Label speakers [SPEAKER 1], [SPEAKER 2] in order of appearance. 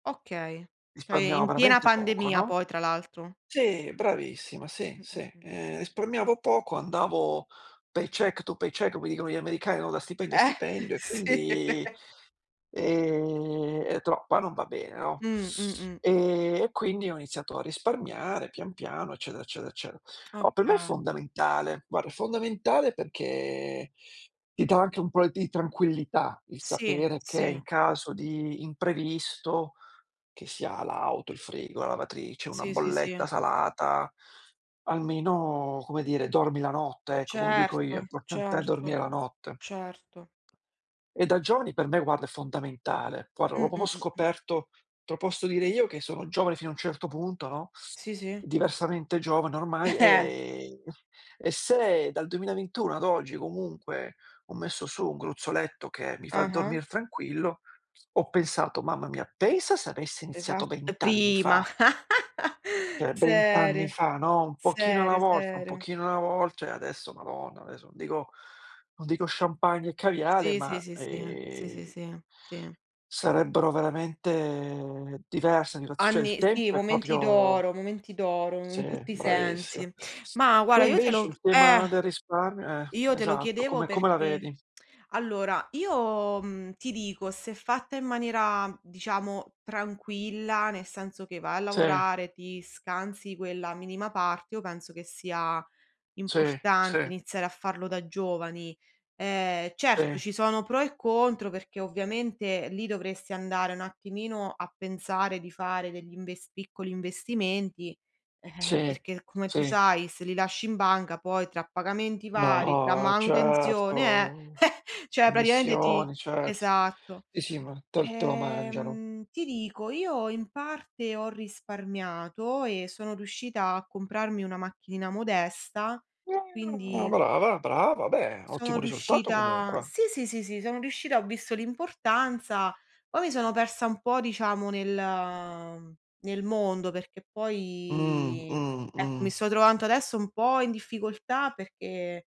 [SPEAKER 1] Okay. Cioè, e
[SPEAKER 2] Risparmiavo
[SPEAKER 1] in piena
[SPEAKER 2] veramente poco,
[SPEAKER 1] pandemia
[SPEAKER 2] no.
[SPEAKER 1] poi tra l'altro.
[SPEAKER 2] Sì, bravissima, sì,
[SPEAKER 1] Mh, mh,
[SPEAKER 2] sì.
[SPEAKER 1] mh.
[SPEAKER 2] Ehm, risparmiavo poco, andavo paycheck to paycheck, come dicono gli americani, no, da stipendio a
[SPEAKER 1] Eh,
[SPEAKER 2] stipendio e
[SPEAKER 1] sì.
[SPEAKER 2] quindi, ehm, è troppa non va bene, no.
[SPEAKER 1] Mh, mh, mh.
[SPEAKER 2] Ehm, e quindi ho iniziato a risparmiare pian piano, eccetera, eccetera, eccete oh, per me è
[SPEAKER 1] Oka
[SPEAKER 2] fondamentale. Guarda, è fondamentale perché ti dà anche un po' di tranquillità il
[SPEAKER 1] Sì,
[SPEAKER 2] sapere che
[SPEAKER 1] sì.
[SPEAKER 2] in caso di imprevisto, che sia l'auto, il frigo, la lavatrice, una
[SPEAKER 1] Sì, sì, sì.
[SPEAKER 2] bolletta salata, almeno, come dire, dormi la notte, ecco come dico io,
[SPEAKER 1] Certo,
[SPEAKER 2] importante è
[SPEAKER 1] certo,
[SPEAKER 2] dormire la notte.
[SPEAKER 1] certo.
[SPEAKER 2] E da giovani per me, guarda, è fondamentale. Guarda,
[SPEAKER 1] Mh,
[SPEAKER 2] l'ho proprio
[SPEAKER 1] mh, mh, mh.
[SPEAKER 2] scoperto te lo posso dire io che sono giovane fino a un certo punto, no.
[SPEAKER 1] Sì, sì.
[SPEAKER 2] Diversamente giovane ormai. Ehm, e se dal 2021 ad oggi comunque, ho messo su un gruzzoletto che mi fa
[SPEAKER 1] Ah-ah.
[SPEAKER 2] dormir tranquillo, ho pensato: "Mamma mia, pensa se avessi iniziato
[SPEAKER 1] [unintelligible]
[SPEAKER 2] 20 anni
[SPEAKER 1] Prima.
[SPEAKER 2] fa". Cioè, 20 anni
[SPEAKER 1] Serio,
[SPEAKER 2] fa, no. Un pochino alla
[SPEAKER 1] serio,
[SPEAKER 2] volta, un
[SPEAKER 1] serio.
[SPEAKER 2] pochino alla vol cioè adesso madonna, adesso non dico non dico champagne e caviale,
[SPEAKER 1] Sì, sì,
[SPEAKER 2] ma,
[SPEAKER 1] sì, sì, sì, sì,
[SPEAKER 2] ehm
[SPEAKER 1] sì, sì.
[SPEAKER 2] sarebbero veramente diverse [unintelligible] cioè il
[SPEAKER 1] Anni sì,
[SPEAKER 2] tempo è
[SPEAKER 1] momenti
[SPEAKER 2] proprio
[SPEAKER 1] d'oro, momenti d'oro
[SPEAKER 2] sì,
[SPEAKER 1] in tutti i
[SPEAKER 2] bravissima.
[SPEAKER 1] sensi. Ma
[SPEAKER 2] Tu
[SPEAKER 1] guarda, io te
[SPEAKER 2] invece
[SPEAKER 1] lo
[SPEAKER 2] il
[SPEAKER 1] eh,
[SPEAKER 2] tema del risparmio eh,
[SPEAKER 1] io te lo
[SPEAKER 2] esatto,
[SPEAKER 1] chiedevo
[SPEAKER 2] come come la
[SPEAKER 1] perché
[SPEAKER 2] vedi?
[SPEAKER 1] allora, io, mhmm, ti dico, se fatta in maniera diciamo tranquilla, nel senso che vai a
[SPEAKER 2] Sì.
[SPEAKER 1] lavorare, ti scansi quella minima parte, io penso che sia
[SPEAKER 2] Sì,
[SPEAKER 1] importante
[SPEAKER 2] sì.
[SPEAKER 1] iniziare a farlo da giovani. Ehm, certo,
[SPEAKER 2] Sì.
[SPEAKER 1] ci sono pro e contro perché ovviamente lì dovresti andare un attimino a pensare di fare degli invest piccoli investimenti, eh-eh,
[SPEAKER 2] Sì,
[SPEAKER 1] perché come tu
[SPEAKER 2] sì.
[SPEAKER 1] sai se li lasci in banca poi tra pagamenti vari, tra
[SPEAKER 2] No,
[SPEAKER 1] manutenzione, eh,
[SPEAKER 2] certo.
[SPEAKER 1] cioè praticamente ti
[SPEAKER 2] Commissioni, certo.
[SPEAKER 1] esatto.
[SPEAKER 2] Sì, sì ma te l te lo mangiano.
[SPEAKER 1] Ehm, ti dico, io in parte ho risparmiato e sono riuscita a comprarmi una macchinina modesta,
[SPEAKER 2] Ah
[SPEAKER 1] quindi
[SPEAKER 2] brava, brava. Beh,
[SPEAKER 1] sono
[SPEAKER 2] ottimo risultato
[SPEAKER 1] riuscita
[SPEAKER 2] comunque.
[SPEAKER 1] sì, sì, sì, sì, sono riuscita, ho visto l'importanza. Poi mi sono persa un po' diciamo nel nel mondo, perché
[SPEAKER 2] Mh,
[SPEAKER 1] poi,
[SPEAKER 2] mh,
[SPEAKER 1] ecco, mi
[SPEAKER 2] mh.
[SPEAKER 1] sto trovando adesso un po' in difficoltà perché